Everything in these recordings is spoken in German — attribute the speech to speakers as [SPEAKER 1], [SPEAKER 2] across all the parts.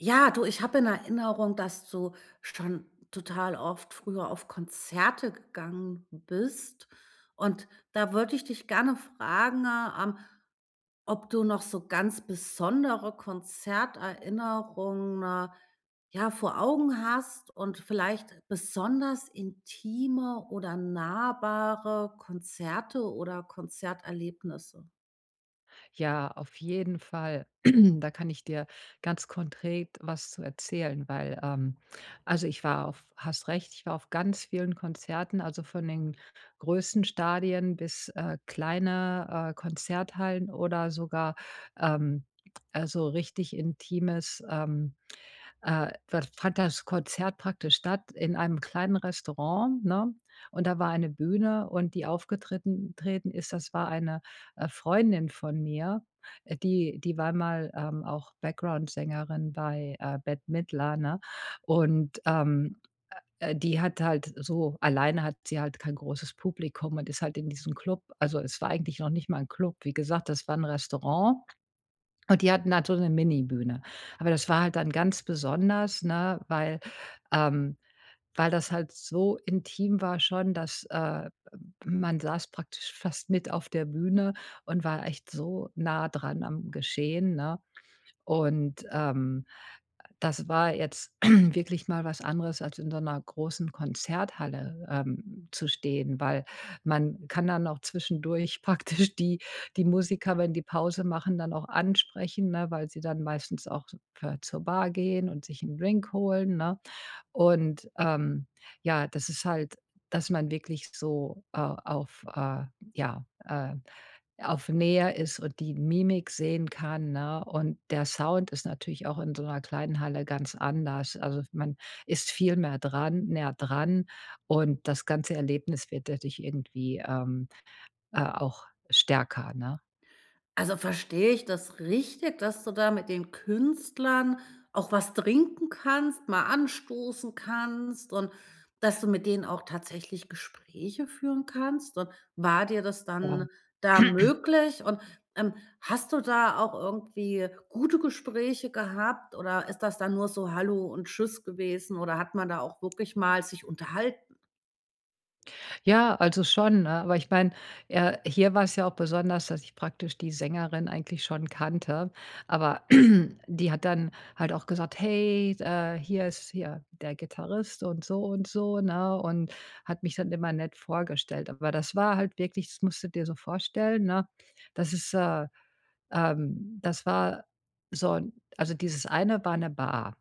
[SPEAKER 1] Ja, du, ich hab in Erinnerung, dass du schon total oft früher auf Konzerte gegangen bist und da würde ich dich gerne fragen, ähm, ob du noch so ganz besondere Konzerterinnerungen ja, vor Augen hast und vielleicht besonders intime oder nahbare Konzerte oder Konzerterlebnisse?
[SPEAKER 2] Ja, auf jeden Fall, da kann ich dir ganz konkret was zu erzählen, weil ähm, also ich war auf hast recht, ich war auf ganz vielen Konzerten, also von den größten Stadien bis, äh, kleine, äh, Konzerthallen oder sogar, ähm, also richtig intimes, ähm, äh, f fand das Konzert praktisch statt in einem kleinen Restaurant, ne? Und da war eine Bühne und die aufgetritten treten ist, das war eine, äh, Freundin von mir, die die war mal, ähm, auch Backgroundsängerin bei, äh, Bette Midler, ne? Und, ähm, äh, die hat halt so alleine hat sie halt kein großes Publikum und ist halt in diesem Club. Also es war eigentlich noch nicht mal 'n Club. Wie gesagt, das war 'n Restaurant und die hatten halt so 'ne Mini-Bühne. Aber das war halt dann ganz besonders, ne, weil, ähm, weil das halt so intim war schon, dass, äh, man saß praktisch fast mit auf der Bühne und war echt so nah dran am Geschehen, ne? Und, ähm, das war jetzt wirklich mal was anderes, als in so 'ner großen Konzerthalle, ähm, zu stehen, weil man kann dann auch zwischendurch praktisch die die Musiker, wenn die Pause machen, dann auch ansprechen, ne, weil sie dann meistens auch s ver zur Bar gehen und sich 'n Drink holen, ne? Und, ähm, ja, das ist halt, dass man wirklich so, äh, auf, äh, ja, ähm, auf Nähe ist und die Mimik sehen kann, ne? Und der Sound ist natürlich auch in so 'ner kleinen Halle ganz anders. Also man ist viel mehr dran, näher dran und das ganze Erlebnis wird dadurch irgendwie, ähm, äh, auch stärker, ne?
[SPEAKER 1] Also verstehe ich das richtig, dass du da mit den Künstlern auch was trinken kannst, mal anstoßen kannst und dass du mit denen auch tatsächlich Gespräche führen kannst? Und war dir das dann
[SPEAKER 2] [unintelligible]
[SPEAKER 1] da möglich? Und, ähm, hast du da auch irgendwie gute Gespräche gehabt oder ist das dann nur so:, Hallo und Tschüss gewesen" oder hat man da auch wirklich mal sich unterhalten?
[SPEAKER 2] Ja, also schon, ne, aber ich mein, ja, hier war's ja auch besonders, dass ich praktisch die Sängerin eigentlich schon kannte, aber die hat dann, halt auch gesagt: ,,Hey, äh, hier ist hier der Gitarrist" und so und so, ne? Und hat mich dann immer nett vorgestellt. Aber das war halt wirklich, das musst du dir so vorstellen, ne, das ist, äh, ähm, das war so 'n, also dieses eine war 'ne Bar.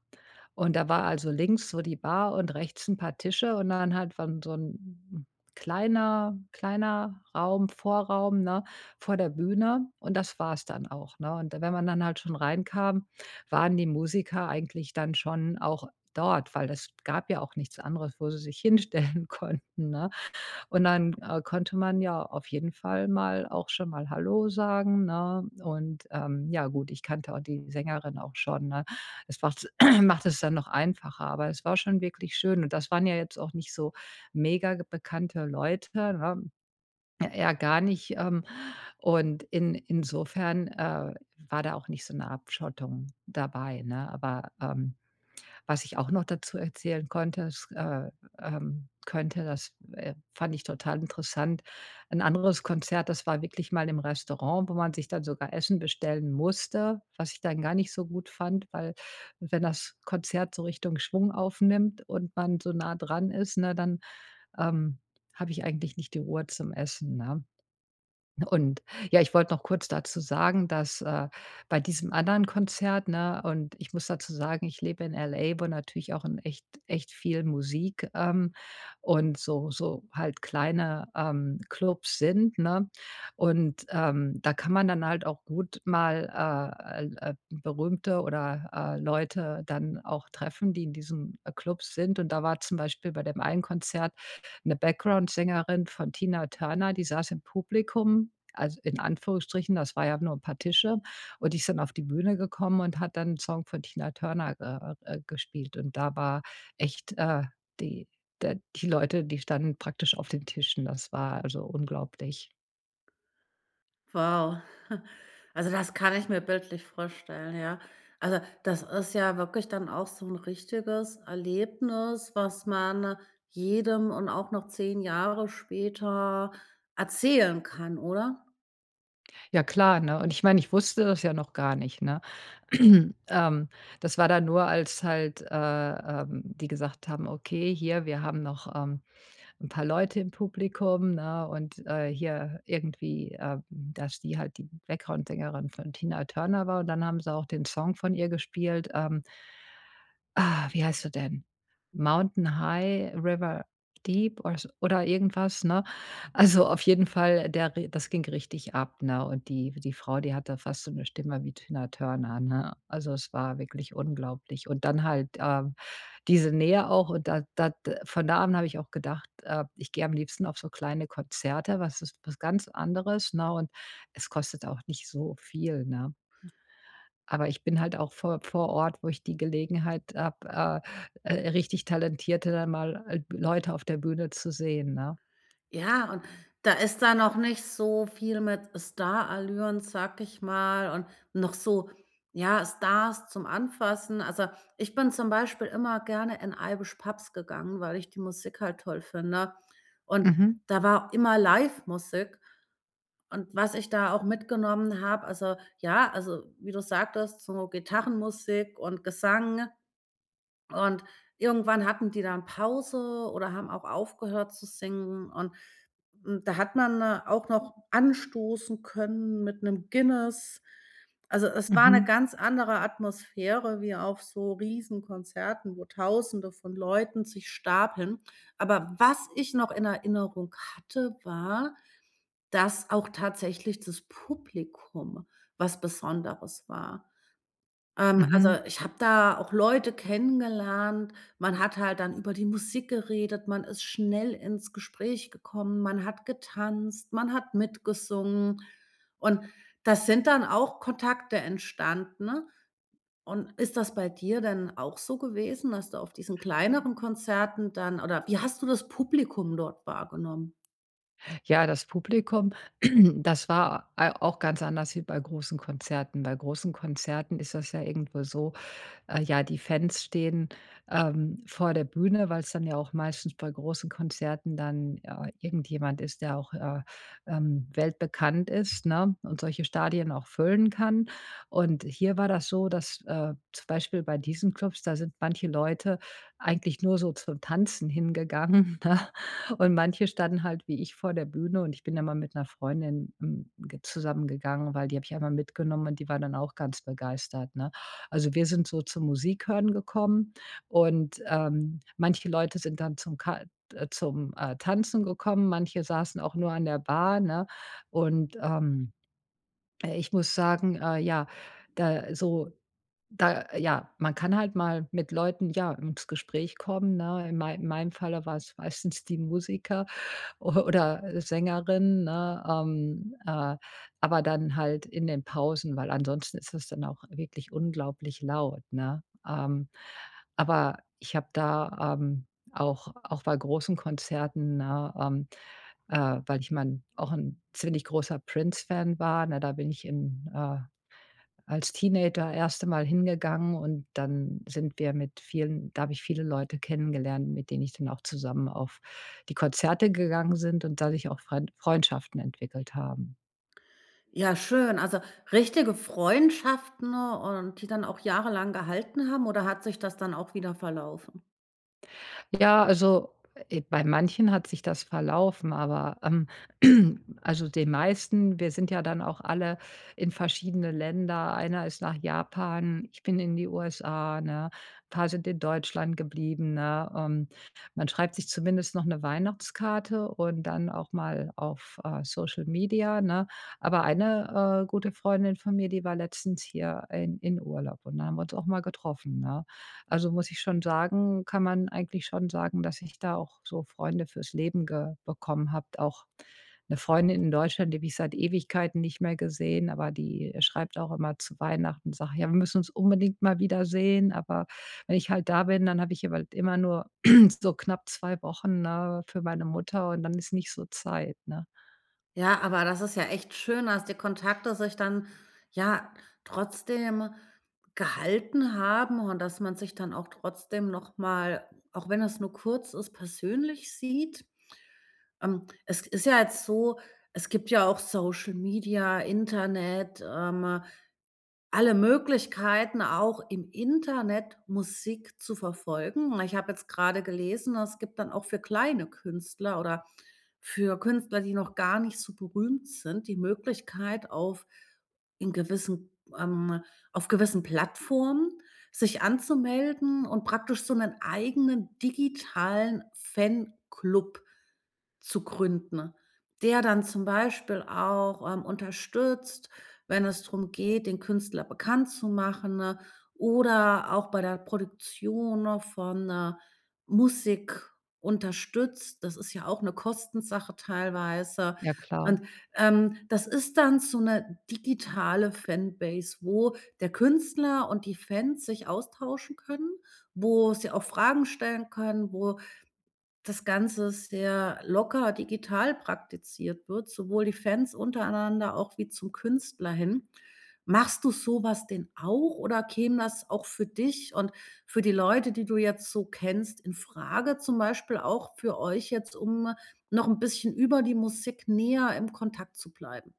[SPEAKER 2] Und da war also links so die Bar und rechts 'n paar Tische und dann halt war so 'n kleiner, kleiner Raum, Vorraum, ne, vor der Bühne und das wars dann auch, ne? Und wenn man dann halt schon reinkam, waren die Musiker eigentlich dann schon auch dort, weil das gab ja auch nichts anderes, wo sie sich hinstellen konnten, ne? Und dann, äh, konnte man ja auf jeden Fall mal auch schon mal ,,Hallo" sagen, ne? Und, ähm, ja, gut, ich kannte auch die Sängerin auch schon, ne? Es macht's macht es dann noch einfacher, aber es war schon wirklich schön und das waren ja jetzt auch nicht so megabekannte Leute, ne? Eher gar nicht, ähm, und in insofern, äh, war da auch nicht so 'ne Abschottung dabei, ne? Aber, ähm, was ich auch noch dazu erzählen konnte es, äh, ähm, könnte, das, äh, fand ich total interessant. Ein anderes Konzert, das war wirklich mal im Restaurant, wo man sich dann sogar Essen bestellen musste, was ich dann gar nicht so gut fand, weil wenn das Konzert so Richtung Schwung aufnimmt und man so nah dran ist, ne, dann, ähm, habe ich eigentlich nicht die Ruhe zum Essen, ne? Und ja, ich wollte noch kurz dazu sagen, dass, äh, bei diesem anderen Konzert, ne, und ich muss dazu sagen, ich lebe in LA, wo natürlich auch in echt echt viel Musik, ähm, und so so halt kleine, ähm, Klubs sind, ne? Und, ähm, da kann man dann halt auch gut mal, äh, äh, l äh, berühmte oder, äh, Leute dann auch treffen, die in diesem Klub sind. Und da war zum Beispiel bei dem einen Konzert 'ne Backgroundsängerin von Tina Turner, die saß im Publikum, al in Anführungsstrichen, das war ja nur paar Tische. Und die ist dann auf die Bühne gekommen und hat dann 'n Song von Tina Turner, äh, äh, gespielt. Und da war echt, äh, die de die Leute, die standen praktisch auf den Tischen. Das war also unglaublich.
[SPEAKER 1] Wow. Also, das kann ich mir bildlich vorstellen, ja. Also, das ist ja wirklich dann auch so 'n richtiges Erlebnis was man jedem und auch noch 10 Jahre später erzählen kann oder?
[SPEAKER 2] Ja klar, ne? Und ich meine ich wusste das ja noch gar nicht, ne? Ähm, das war dann nur als halt äh, ähm, die gesagt haben: „Okay, hier, wir haben noch, ähm, 'n paar Leute im Publikum“, ne? Und, äh, hier irgendwie, ähm, dass die halt die Backgroundsängerin von Tina Turner war und dann haben sie auch den Song von ihr gespielt, ähm. Ah, wie heißt er denn? „Mountain High River Deep“ oder so oder irgendwas, ne? Also auf jeden Fall, der ri das ging richtig ab, ne? Und die die Frau, die hatte fast so 'ne Stimme wie Tina Turner, ne? Also, es war wirklich unglaublich und dann halt, ähm, diese Nähe auch und da da d äh, von da an habe ich auch gedacht, äh, ich gehe am liebsten auf so kleine Konzerte, was ist was ganz anderes, ne? Und es kostet auch nicht so viel, ne? Aber ich bin halt auch vor vor Ort, wo ich die Gelegenheit habe, äh, äh, richtig talentierte dann mal äh, Leute auf der Bühne zu sehen, ne?
[SPEAKER 1] Ja, und da ist da noch nicht so viel mit Starallüren, sage ich mal und noch so, ja, Stars zum Anfassen. Also, ich bin zum Beispiel immer gerne in Irish Pubs gegangen, weil ich die Musik halt toll finde und
[SPEAKER 2] Mhm.
[SPEAKER 1] da war immer Livemusik. Und was ich da auch mitgenommen habe, also ja also wie du sagtest, so Gitarrenmusik und Gesang und irgendwann hatten die dann Pause oder haben auch aufgehört zu singen und, hm, da hat man auch noch anstoßen können mit 'nem Guinness. Also, es war 'ne
[SPEAKER 2] Mhm.
[SPEAKER 1] ganz andere Atmosphäre wie auf so Riesenkonzerten, wo Tausende von Leuten sich stapeln. Aber was ich noch in Erinnerung hatte, war, dass auch tatsächlich das Publikum was Besonderes war. Ähm, also
[SPEAKER 2] Mhm.
[SPEAKER 1] ich habe da auch Leute kennengelernt, man hat halt dann über die Musik geredet. Man ist schnell ins Gespräch gekommen. Man hat getanzt, man hat mitgesungen. Und da sind dann auch Kontakte entstanden. Und ist das bei dir denn auch so gewesen, dass du auf diesen kleineren Konzerten dann oder wie hast du das Publikum dort wahrgenommen?
[SPEAKER 2] Ja, das Publikum, das war, äh, auch ganz anders wie bei großen Konzerten. Bei großen Konzerten ist das ja irgendwo so, äh, ja, die Fans stehen, ähm, vor der Bühne, weil's dann ja auch meistens bei großen Konzerten dann, äh, irgendjemand ist, der auch, äh, ähm, weltbekannt ist, ne? Und solche Stadien auch füllen kann. Und hier war das so, dass, äh, zum Beispiel bei diesen Klubs, da sind manche Leute eigentlich nur so zum Tanzen hingegangen, ne? Und manche standen halt wie ich vor der Bühne und ich bin immer mit 'ner Freundin, hm, ge zusammen gegangen, weil die habe ich einmal mitgenommen und die war dann auch ganz begeistert, ne? Also, wir sind so zum Musikhören gekommen und, ähm, manche Leute sind dann zum Ka zum, äh, Tanzen gekommen. Manche saßen auch nur an der Bar, ne? Und, ähm, äh, ich muss sagen, äh, ja, da so da ja man kann halt mal mit Leuten, ja, ins Gespräch kommen, ne? In mei meinem Falle war es meistens die Musiker o oder Sängerin, ne? Ähm, äh, aber dann halt in den Pausen, weil ansonsten ist das dann auch wirklich unglaublich laut, ne? Ähm, aber ich habe da, ähm, auch auch bei großen Konzerten, ne? Ähm, äh, weil ich mein auch 'n ziemlich großer Prince-Fan war, ne? Da bin ich in äh, als Teenager erste Mal hingegangen und dann sind wir mit vielen da habe ich viele Leute kennengelernt, mit denen ich dann auch zusammen auf die Konzerte gegangen sind und dadurch auch Friend Freundschaften entwickelt haben.
[SPEAKER 1] Ja schön, also richtige Freundschaften und die dann auch jahrelang gehalten haben oder hat sich das dann auch wieder verlaufen?
[SPEAKER 2] Ja, also, äh, bei manchen hat sich das verlaufen, aber ähm also, den meisten wir sind ja dann auch alle in verschiedene Länder. Einer ist nach Japan, ich bin in die USA, ne? Paar sind in Deutschland geblieben, ne? Ähm, man schreibt sich zumindest noch 'ne Weihnachtskarte und dann auch mal auf, äh, Social-Media, ne? Aber eine, äh, gute Freundin von mir, die war letztens hier in in Urlaub und da haben wir uns auch mal getroffen, ne? Also, muss ich schon sagen kann man eigentlich schon sagen, dass ich da auch so Freunde für's Leben ge bekommen habe auch. 'Ne Freundin in Deutschland, die habe ich seit Ewigkeiten nicht mehr gesehen, aber die schreibt auch immer zu Weihnachten, sagt: „Ja, wir müssen uns unbedingt mal wieder sehen!“ Aber wenn ich halt da bin, dann habe ich aber halt immer nur so knapp 2 Wochen, ne, für meine Mutter und dann ist nicht so Zeit, ne?
[SPEAKER 1] Ja, aber das ist ja echt schön, dass die Kontakte sich dann ja trotzdem gehalten haben und dass man sich dann auch trotzdem noch mal, auch wenn es nur kurz ist, persönlich sieht. Ähm, es ist ja jetzt so, es gibt ja auch Social-Media, Internet, ähm, alle Möglichkeiten auch im Internet Musik zu verfolgen. Ich habe jetzt grade gelesen, es gibt dann auch für kleine Künstler oder für Künstler, die noch gar nicht so berühmt sind, die Möglichkeit auf in gewissen, ähm, auf gewissen Plattformen sich anzumelden und praktisch so 'nen eigenen digitalen Fanclub zu gründen, der dann zum Beispiel auch, ähm, unterstützt, wenn es drum geht, den Künstler bekannt zu machen oder auch bei der Produktion noch von, äh, Musik unterstützt. Das ist ja auch 'ne Kostensache teilweise.
[SPEAKER 2] Ja klar.
[SPEAKER 1] Und, ähm, das ist dann so 'ne digitale Fanbase, wo der Künstler und die Fans sich austauschen können, wo sie auch Fragen stellen können, wo das Ganze sehr locker digital praktiziert wird, sowohl die Fans untereinander auch wie zum Künstler hin. Machst du sowas denn auch oder käme das auch für dich und für die Leute, die du jetzt so kennst, infrage zum Beispiel auch für euch jetzt, um noch 'n bisschen über die Musik näher im Kontakt zu bleiben?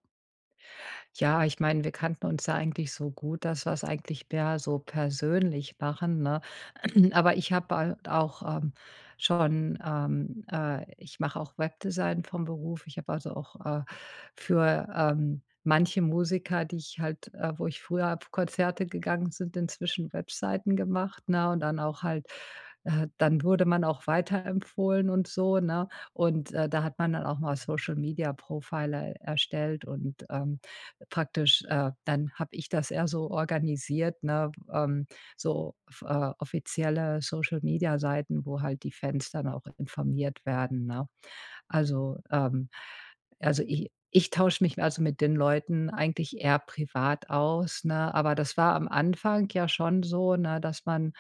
[SPEAKER 2] Ja, ich meine, wir kannten uns ja eigentlich so gut, dass wir's eigentlich perso persönlich machen, ne? Aber ich habe bald auch, ähm, schon, ähm, äh, ich mache auch Webdesign vom Beruf. Ich habe also auch, äh, für, ähm, manche Musiker, die ich halt, äh, wo ich früher pf Konzerte gegangen sind, inzwischen Webseiten gemacht, ne, und dann auch halt, äh, dann wurde man auch weiterempfohlen und so, ne? Und, äh, da hat man dann auch mal Social-Media profile erstellt und, ähm, praktisch, äh, dann habe ich das eher so organisiert, ne? Ähm, so off äh offizielle Social-Media Seiten, wo halt die Fans dann auch informiert werden, ne? Also, ähm, also i ich tausche mich also mit den Leuten eigentlich eher privat aus, ne, aber das war am Anfang ja schon so, ne, dass man,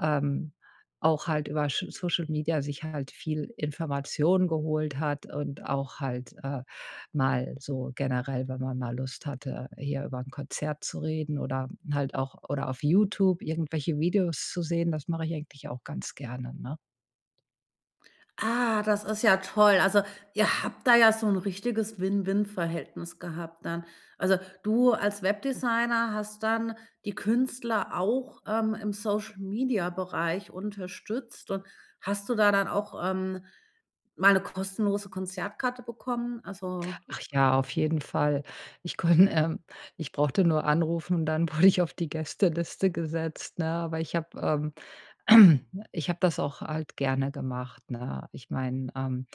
[SPEAKER 2] ähm, auch halt über Sch Social-Media, sich halt viel Informationen geholt hat und auch halt, äh, mal so generell, wenn man mal Lust hatte, hier über 'n Konzert zu reden oder halt auch oder auf Youtube irgendwelche Videos zu sehen, das mache ich eigentlich auch ganz gerne, ne?
[SPEAKER 1] Ah, das ist ja toll. Also, ihr habt da ja so 'n richtiges Win-Win Verhältnis gehabt dann. Also, du als Webdesigner hast dann die Künstler auch, ähm, im Social-Media Bereich unterstützt. Und hast du da dann auch, ähm, mal 'ne kostenlose Konzertkarte bekommen? Also
[SPEAKER 2] Ach ja, auf jeden Fall. Ich konn ähm, ich brauchte nur anrufen und dann wurde ich auf die Gästeliste gesetzt ne, aber ich habe, ähm, ich habe das auch halt gerne gemacht, ne? Ich meine, ähm,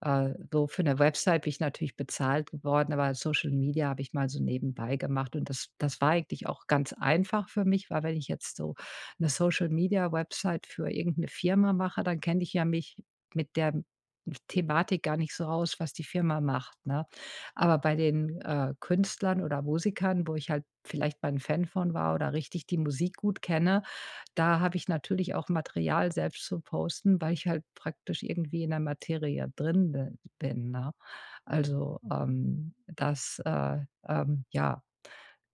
[SPEAKER 2] äh, so für 'ne Website bin ich natürlich bezahlt geworden, aber Social-Media habe ich mal so nebenbei gemacht und das das war eigentlich auch ganz einfach für mich, weil wenn ich jetzt so 'ne Social-Media Website für irgend 'ne Firma mache, dann kenne ich ja mich mit der Thematik gar nicht so aus, was die Firma macht, ne? Aber bei den, äh, Künstlern oder Musikern, wo ich halt vielleicht mal 'n Fan von war oder richtig die Musik gut kenne, da habe ich natürlich auch Material selbst zu posten, weil ich halt praktisch irgendwie in der Materie drin bi bin, ne? Also, ähm, das, äh, ähm, ja,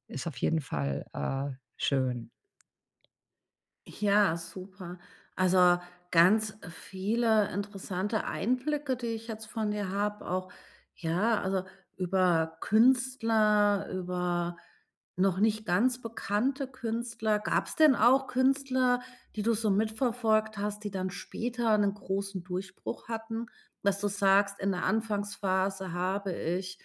[SPEAKER 2] ist auf jeden Fall, äh, schön.
[SPEAKER 1] Ja, super. Also, ganz viele interessante Einblicke, die ich jetzt von dir habe, auch ja, also, über Künstler, über noch nicht ganz bekannte Künstler. Gab's denn auch Künstler, die du so mitverfolgt hast, die dann später 'nen großen Durchbruch hatten, dass du sagst, in der Anfangsphase habe ich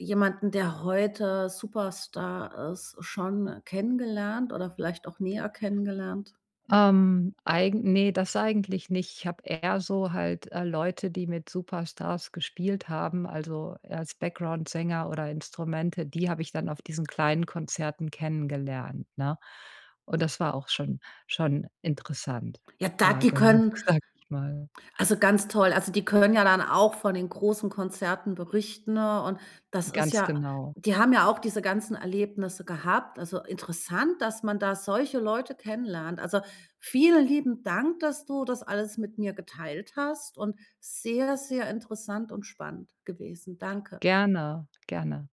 [SPEAKER 1] jemanden, der heute Superstar ist, schon kennengelernt oder vielleicht auch näher kennengelernt?
[SPEAKER 2] Ähm, eigen ne, das eigentlich nicht. Ich habe eher so halt, äh, Leute, die mit Superstars gespielt haben, also, eher als Backgroundsänger oder Instrumente, die habe ich dann auf diesen kleinen Konzerten kennengelernt, ne? Und das war auch schon schon interessant,
[SPEAKER 1] Ja, da
[SPEAKER 2] äh,
[SPEAKER 1] die
[SPEAKER 2] genug,
[SPEAKER 1] können
[SPEAKER 2] sage ich mal.
[SPEAKER 1] also, ganz toll, also, die können ja dann auch von den großen Konzerten berichten und das ist
[SPEAKER 2] Ganz
[SPEAKER 1] ja
[SPEAKER 2] genau.
[SPEAKER 1] die haben ja auch diese ganzen Erlebnisse gehabt. Also, interessant, dass man da solche Leute kennenlernt. Also, vielen lieben Dank, dass du das alles mit mir geteilt hast und sehr, sehr interessant und spannend gewesen. Danke.
[SPEAKER 2] Gerne, gerne.